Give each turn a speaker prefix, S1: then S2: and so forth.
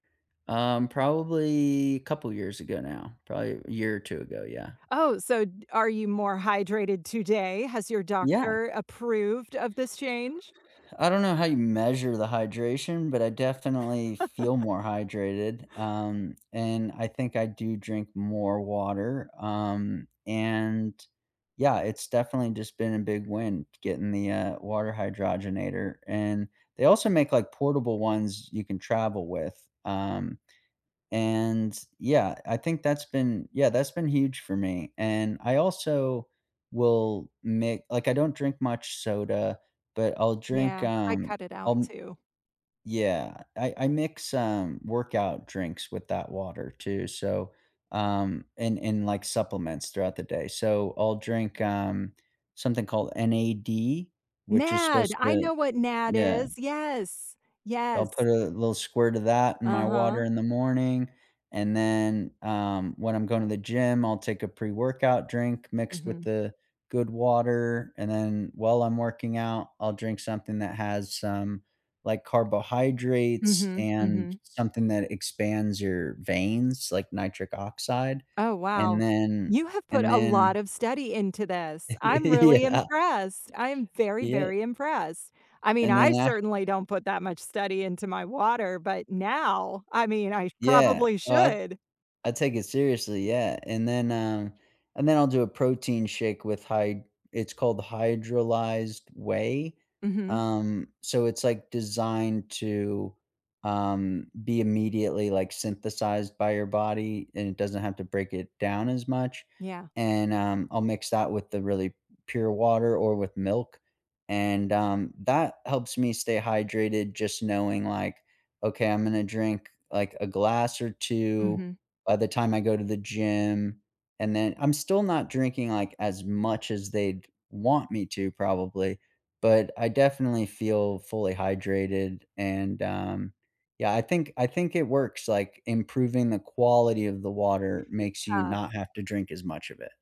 S1: Um, probably, couple of years ago now, probably a year or 2 ago, yeah.
S2: Oh, so d are you more hydrated today? Has your
S1: Yeah.
S2: doctor approved of this change?
S1: I don't know how you measure the hydration, but I definitely feel more hydrated, um, and I think I do drink more water, um, and yeah, it's definitely just been a big win getting the, uh, water hydrogenator and they also make, like, portable ones you can travel with, um, and yeah, I think that's been yeah, that's been huge for me. And I also will make like, I don't drink much soda, but, I'll drink,
S2: Yeah, I
S1: um,
S2: cut it out
S1: I'll m
S2: too.
S1: Yeah, I I mix, um, workout drinks with that water too, so, um and and, like, supplements throughout the day. So I'll drink, um, something called N-A-D which is
S2: NAD,
S1: supposed
S2: I
S1: to
S2: know what NAD
S1: Yeah.
S2: is. Yes.
S1: I'll
S2: Yes.
S1: put a little squirt of that in my water
S2: Uh-huh.
S1: in the morning, and then, um, when I'm going to the gym, I'll take a pre-workout drink mixed with
S2: Mhm.
S1: the good water, and then while I'm working out, I'll drink something that has some, like, carbohydrates
S2: Mhm,
S1: and
S2: mhm.
S1: something that expands your veins, like, nitric oxide,
S2: Oh, wow.
S1: and then
S2: You have put
S1: and
S2: a lot
S1: then
S2: of study into this. I'm really
S1: Yeah.
S2: impressed. I'm very,
S1: Y yeah.
S2: very impressed. I mean,
S1: And
S2: I
S1: then a
S2: certainly don't put that much study into my water, but, now, I mean, I sh
S1: Yeah.
S2: probably
S1: Oh, I
S2: should.
S1: I take it seriously, yeah, and then, um and then I'll do a protein shake with hy It's called hydrolyzed whey,
S2: Mhm.
S1: um, so it's, like, designed to, um, be immediately, like, synthesized by your body, and it doesn't have to break it down as much.
S2: Yeah.
S1: And, um, I'll mix that with the really pure water or with milk, and, um, that helps me stay hydrated, just knowing, like, "Ok, I'm gonna drink, like, a glass or 2
S2: Mhm.
S1: by the time I go to the gym, and then" I'm still not drinking, like, as much as they'd want me to, probably, but I definitely feel fully hydrated, and um yeah, I think I think it works, like, improving the quality of the water makes you
S2: Yeah.
S1: not have to drink as much of it.